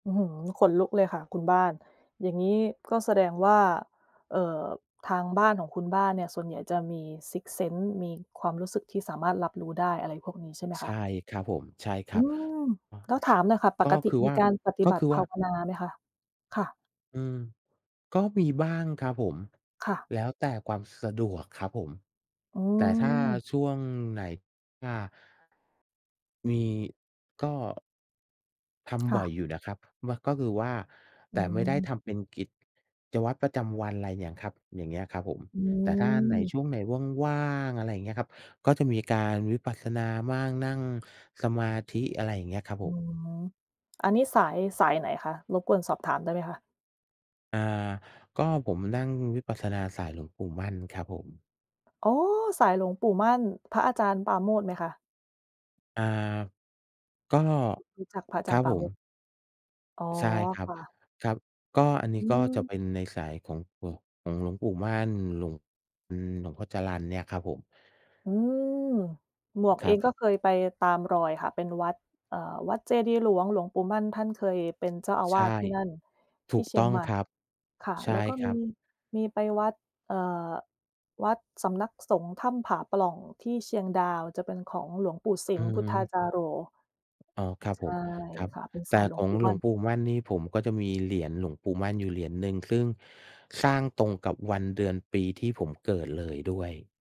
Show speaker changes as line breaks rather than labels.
อื้อฮือ ขนลุกเลยค่ะคุณบ้าน อย่างงี้ก็แสดงว่า เอ่อ ทางบ้านของคุณบ้านเนี่ยส่วนใหญ่จะมีซิกซท์เซนส์ มีความรู้สึกที่สามารถรับรู้ได้ อะไรพวกนี้ใช่ไหม
ใ
ค
ช
ะ?
่ครับผม ใช่คร
อื
ับ
ม แล้วถามหน่อยค่ะ ป
ก็
กติ
คือ
ม
ว
ี
่า
การปฏิ
ก็
บั
ค
ต
ื
ิ
อ
ภ
ว่
า
า
วนาไหมคะ? ค่ะ
อืม ก็มีบ้างครับผม
ค่ะ
แล้วแต่ความสะดวกครับผม
อื
แต่ถ้า
ม
ช่วงไหน อา มี ก็ ท
ค
ำ
่
บ่อย
ะ
อยู่นะครับ เมื่อ ก็คือว่า
อ
แ
ื
ต่ไม่ได้
ม
ทำเป็นกิจวัตรประจำวันอะไรเนี่ยครับ อย่างเงี้ยครับผม
อื
แต่ถ้าอันไหน
ม
ช่วงไหนว่าง ๆ อะไรอย่างเงี้ยครับ ก็จะมีการวิปัสสนามั่ง นั่งสมาธิ อะไรอย่างเงี้ยครับ
อื
ผม
ม อันนี้สาย สายไหนคะ? รบกวนสอบถามได้ไหมคะ?
อา ก็ผมนั่งวิปัสสนาสายหลวงปู่มั่นครับผม
อ๋อ! สายหลวงปู่มั่น พระอาจารย์ปราโมทย์ไหมคะ?
อา ก็
รู้ รู้จักพระอา
ค
จา
ร
ร
ั
ย์
บ
ปรา
ผ
โมทย์
ม
อ๋อ
ใช่ครั
ค
บ
่ะ
ครับ ก็อันนี
อ
้
ื
ก็จะเป็
ม
นในสายของ ของ ของหลวงปู่มั่น หลวง หลวงพ่อจรัญเนี่ยครับผม
อืม หมวก
ค
เอ
รั
ง
บ
ก็เคยไปตามรอยค่ะ เป็นวัด เอ่อ วัดเจดีย์หลวงหลวงปู่มั่น ท่านเคย เป็นเจ้าอา
ใ
ว
ช
า
่
สที่นั่น
ถ
ท
ู
ี่
ก
เชี
ต
ย
้
ง
อง
ใหม่
ครับ
ค่ะ
ใช
แล
่
้วก็
ค
ม
ร
ี
ับ
มีไปวัด เอ่อ วัดสำนักสงฆ์ถ้ำผาปล่องที่เชียงดาว จะเป็นของหลวงปู่ส
อ
ิ
ื
ม พุทธา
ม
จาโร
อ๋อ ครับ
ใช
ผ
่
ม ครับ
ค่ะ เป็นส
แต
า
่
ยขอ
ข
ง
อ
หลวงป
ง
ู่
ห
ม
ล
ั่
วง
น
ปู่มั่นนี่ผมก็จะมี เหรียญหลวงปู่มั่นอยู่เหรียญหนึ่ง ซึ่งสร้างตรงกับวันเดือนปีที่ผมเกิดเลยด้วย